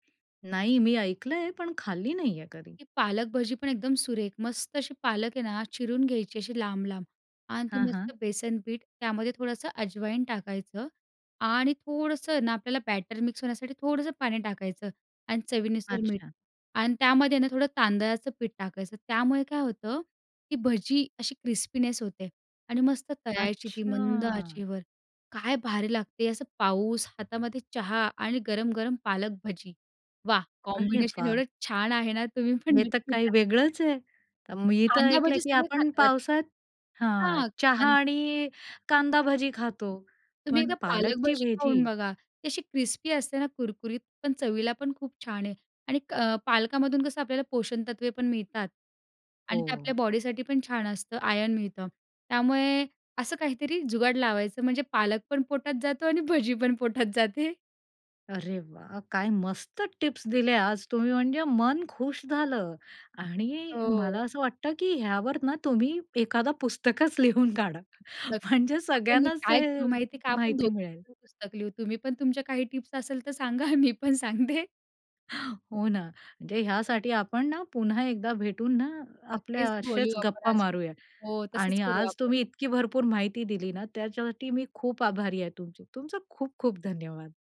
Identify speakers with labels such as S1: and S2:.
S1: नाही मी ऐकलंय पण खाल्ली नाहीये कधी.
S2: ती पालक भजी पण एकदम सुरेख. मस्त अशी पालक आहे ना? चिरून घ्यायची अशी लांब-लांब आणि ती
S1: हां,
S2: मस्त
S1: हां.
S2: बेसन पीठ, त्यामध्ये थोडंसं अजवाईन टाकायचं आणि थोडंसं ना आपल्याला बॅटर मिक्स होण्यासाठी थोडंसं पाणी टाकायचं आणि चवीनुसार मीठ
S1: अच्छा.
S2: आणि त्यामध्ये ना थोडं तांदळाचं पीठ टाकायचं. त्यामुळे काय होतं की भजी अशी क्रिस्पीनेस होते आणि मस्त तळायची ती मंद
S1: अच्छा.
S2: आचेवर. काय भारी लागते. असं पाऊस, हातामध्ये चहा आणि गरम-गरम पालक भजी, वाह!
S1: अरे
S2: कॉम्बिनेशन
S1: वाह!
S2: एवढं छान आहे ना. तुम्हीपण
S1: हे तर
S2: नक्की
S1: काही
S2: ट्राय करा.
S1: वेगळंच आहे. अ, मी तर
S2: कांदा
S1: ऐकलं
S2: भाजी
S1: की
S2: सगळे
S1: आपण
S2: खातात.
S1: पावसात हां.
S2: हां,
S1: चहा
S2: कांद
S1: आणि कांदा भजी खातो,
S2: तुम्ही
S1: पण
S2: एकदा पालक
S1: पालकची
S2: भजी खाऊन
S1: भजी?
S2: बघा. ती अशी क्रिस्पी असते ना कुरकुरीत. पण चवीला पण खूप छान आहे आणि क पालकामधून कसं आपल्याला पोषणतत्त्वे पण मिळतात आणि ते
S1: हो.
S2: आपल्या बॉडीसाठी पण छान असतं, आयर्न मिळतं. त्यामुळे असं काहीतरी जुगाड लावायचं म्हणजे पालक पण पोटात जातो आणि भजी पण पोटात जाते.
S1: अरे वाह! काय मस्त टिप्स दिल्या आज तुम्ही म्हणजे मन खुश झालं आणि मला
S2: हो.
S1: असं वाटतं की ह्यावर ना तुम्ही एखादा पुस्तकच लिहून काढा
S2: नक्क
S1: म्हणजे
S2: आपण मिळून
S1: सगळ्यांनाच
S2: काय
S1: ते
S2: करू माहिती आहे का? आपण
S1: माहिती
S2: दोघी
S1: मिळेल.
S2: जण पुस्तक लिहू. तुम्ही पण तुमच्या काही टिप्स असेल तर सांगा, मी पण सांगते.
S1: हो ना, म्हणजे ह्यासाठी आपण ना पुन्हा एकदा भेटून ना, आपल्या
S2: नक्कीच बोलू
S1: असेच
S2: आपण
S1: गप्पा
S2: अजून.
S1: मारूयात
S2: हो, तसंच
S1: आणि
S2: करू
S1: आज
S2: आपण.
S1: तुम्ही इतकी भरपूर माहिती दिली ना, त्याच्यासाठी मी खूप आभारी आहे तुमची. तुमचे खूप खूप धन्यवाद!